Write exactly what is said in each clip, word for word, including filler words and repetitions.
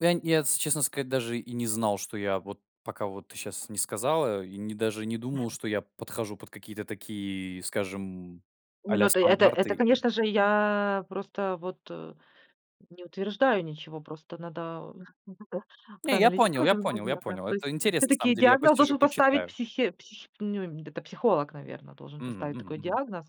Ну, я нь я, если честно сказать, даже и не знал, что я вот пока вот ты щас не сказала. И не даже и не думал, что я подхожу под какие-то такие, скажем, Не, а-ля ну ты это это, стандарты и конечно же, я просто вот, э, не утверждаю ничего. Просто надо Не, я понял проанализировать я понял немного я надо. понял, То есть это интересно на самом всё-таки деле. Я диагноз посижу, должен поставить, почитаю. психе псих ню это психолог, наверно, должен Мгм поставить мгм такой мгм. диагноз.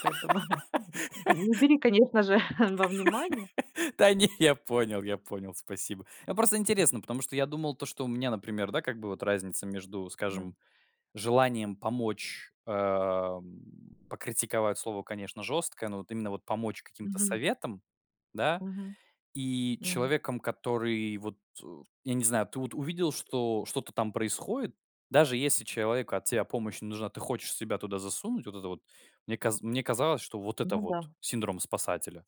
Поэтому не бери, конечно же, во внимание. Да, не, я понял я понял, спасибо. А просто интересно, потому что я думал то, что у меня, например, да, как бы вот разница между, Мгм. скажем, желанием помочь, э, м, "покритиковать" слово, конечно, жесткое, но вот именно вот помочь каким-то Мгм. советом, да. Мгм. И М. человеком, который вот у я не знаю, ты вот увидел, что что-то там происходит, даже если человеку от тебя помощь не нужна, ты хочешь себя туда засунуть, вот это вот. Мне каз мне казалось, что вот это Ну вот да. "синдром спасателя".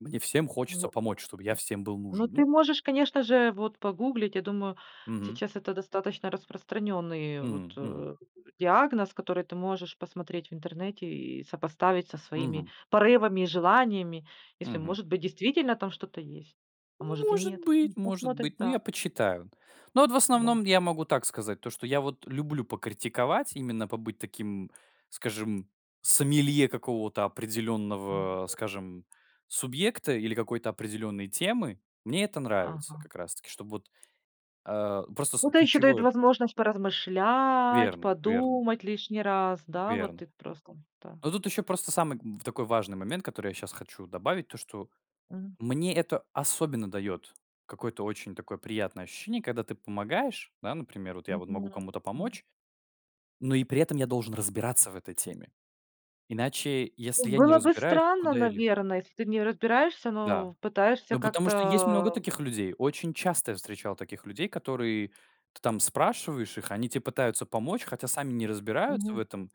Мне всем хочется Ну, помочь, чтобы я всем был ну нужен, ну. ты можешь, конечно же, вот погуглить. Я думаю, Мгм. сейчас это достаточно распространенный, вот, Мгм мгм. э, диагноз, который ты можешь посмотреть в интернете и сопоставить со своими Мгм. порывами и желаниями. Если, Мгм. может быть, действительно там что-то есть, а может и Может нет. быть Ну, может посмотришь быть, но я Да. почитаю. Но вот в Да. основном я могу так сказать, то что я вот люблю покритиковать, именно побыть таким, скажем, сомелье какого-то М. определенного, скажем, субъекта или какой-то определенной темы. Мне это нравится Ага. как раз таки, чтоб вот, э, просто с Ну, это еще дает ключевое возможность поразмышлять, Верно верно. подумать лишний раз. Да, вот Верно. и просто, да. Но тут еще просто самый, м, в такой важный момент, который я щас хочу добавить: то, что М. мне это особенно дает какое-то очень такое приятное ощущение, когда ты помогаешь. Да, например, вот я вот могу Мгм. кому-то М помочь, но и при этом я должен разбираться в этой теме. Иначе, если М, я не было бы разбираюсь, странно, куда я ле наверное, если ты в нём разбираешься, Да. но пытаешься Ну, потому что есть много как-то таких людей. Очень часто я встречал таких людей, которые ты там спрашиваешь их, они тебе пытаются помочь, хотя сами не разбираются в Мгм. этом.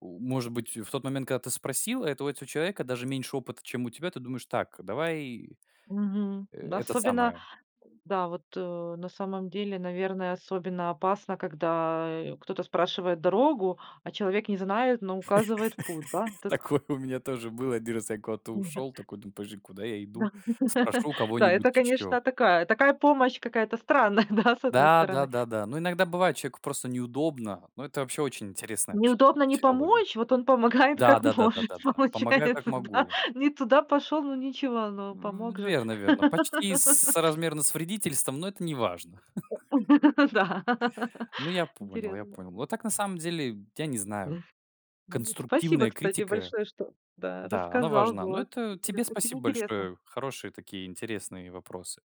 У может быть, в тот момент, когда ты спросила, это у этого человека даже меньше опыта, чем у тебя, ты думаешь: "Так, давай, Мгм. э, Д это особенно самое". Да вот, э, на самом деле, наверное, особенно опасно, когда, э, кто-то спрашивает дорогу, а человек не знает, но указывает путь, да. Тэт Такое у меня тоже было. один раз я куда-то ушел, такой думаю: "Подожди, куда я Да. иду? Спрошу у Да, кого-нибудь это, ещё". конечно, такая такая помощь какая-то странная, да, с одной Да, стороны. да-да-да. Ну иногда бывает человеку просто неудобно, но это вообще очень интересная вообще Неудобно не психология. помочь, вот он помогает Да как да да да может. да да. Помогаю, как Получается, да. могу. Не туда пошел, ну, ничего, но М, помог же. верно верно. Почти с соразмерно с вредительством, но это неважно. Ну да. Ну, я понял я Интересно. понял. Вот так, на самом деле, я не знаю. Ну, спасибо, Конструктивная кстати, критика, большое, что да, да, она рассказал. важна. Но Было это интере тебе очень спасибо интересно. большое. Хорошие такие, интересные вопросы.